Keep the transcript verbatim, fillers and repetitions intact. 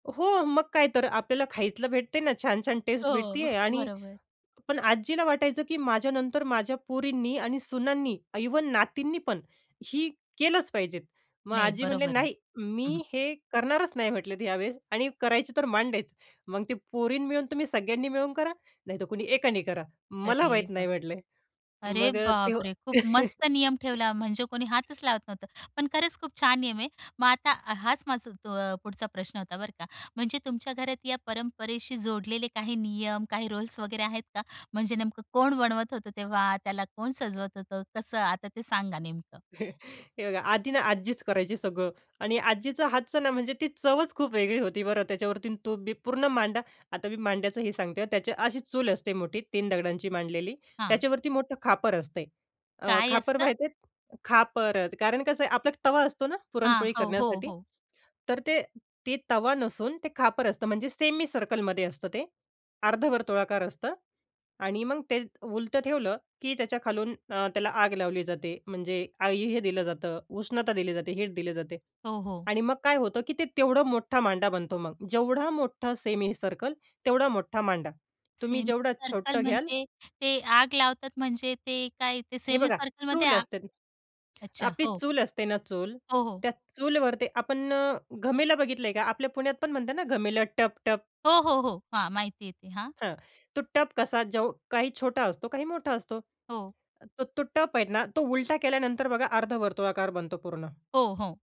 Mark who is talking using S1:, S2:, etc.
S1: हो मग, काय तर. आपल्याला खायतलं भेटते ना छान-छान टेस्ट
S2: हो,
S1: भेटतीये. आणि
S2: बरोबर.
S1: पण आजीला वाटायचं की माझ्यानंतर माझ्या पोरींनी आणि सुनांनी, इव्हन नातींनी पण ही केलंच पाहिजेत. मग
S2: नाही,
S1: आजी म्हटले,
S2: बरोबर आहे.
S1: "नाही
S2: हं, हं.
S1: मी हे करणारच नाही," म्हटले, "यावेळेस." आणि करायचं तर मांडेच मग ते पोरींना मिळून तुम्ही सगळ्यांनी मिळून करा, नाहीतर कुणी एकाने करा,
S2: अरे
S1: मला माहीत नाही,"
S2: बाप रे!
S1: म्हटले.
S2: अरे
S1: मग अ, ते
S2: बापरे! खूप मस्त नियम ठेवला म्हणजे कोणी हातच लावत नव्हतं. पण खरंच खूप छान नियम आहे. मग आता हाच माझा तो अ, पुढचा प्रश्न होता बरं का. म्हणजे तुमच्या घरात या परंपरेशी जोडलेले काही नियम, काही रोल्स वगैरे आहेत का? म्हणजे नेमकं कोण बनवत होतं तेव्हा, त्याला कोण सजवत होतं? कसं? आता ते सांगा नेमकं.
S1: हे बघा आधी ना आजीच करायची सगळं आणि आजीच्या हातचं नाव म्हणजे ती चवच खूप वेगळी होती बरं. त्याच्यावरती तो पूर्ण मांडा. आता मी मांड्याचं हे सांगते. त्याची अशी चूल असते मोठी, तीन दगडांची मांडलेली.
S2: हां.
S1: त्याच्यावरती मोठं खापर असतंय. अ,
S2: काय
S1: खापर
S2: असतं?
S1: माहितीयेत? खापर. कारण कसं आहे आपला तवा असतो ना
S2: हां.
S1: पुरणपोळी
S2: हो, हो,
S1: करण्यासाठी,
S2: हो.
S1: तर तो तवा नसून ते खापर असतं. म्हणजे सेमी सर्कलमध्ये असतं ते, अर्धवर्तुळाकार असतं. आणि मग ते त उलटं ठेवलं, की त्याच्याखालून अ, त्याला आग लावली जाते. म्हणजे आई हे दिलं जातं, उष्णता दिली जाते, हीट दिली जाते.
S2: हो, हो.
S1: आणि मग काय होतं, की ते तेवढा मोठा मांडा बनतो. मग जेवढा मोठा सेमी सर्कल तेवढा मोठा मांडा. तुम्ही
S2: सेमी
S1: जेवढं
S2: सर्कल
S1: छोटं घ्याल
S2: म्हणजे ते आग लावतात म्हणजे ते काय ते
S1: हे
S2: सेमी
S1: बघा
S2: सर्कलमध्ये
S1: चूल
S2: आग
S1: असते न
S2: अच्छा,
S1: आपली
S2: हो.
S1: चूल असते ना चूल,
S2: हो, हो.
S1: त्या चूलवर ते आपण अ, घमेलं बघितलंय का? आपल्या पुण्यात पण म्हणतात ना घमेल टप, टप.
S2: हो, हो, हो. हां, माहितीये ते हां.
S1: हां, तो टप कसा काही छोटा असतो, काही मोठा असतो.
S2: हो.
S1: तो, तो टप आहे ना, तो उलटा केल्यानंतर बघा अर्धवर्तुळाकार बनतो पूर्ण.
S2: हो, हो.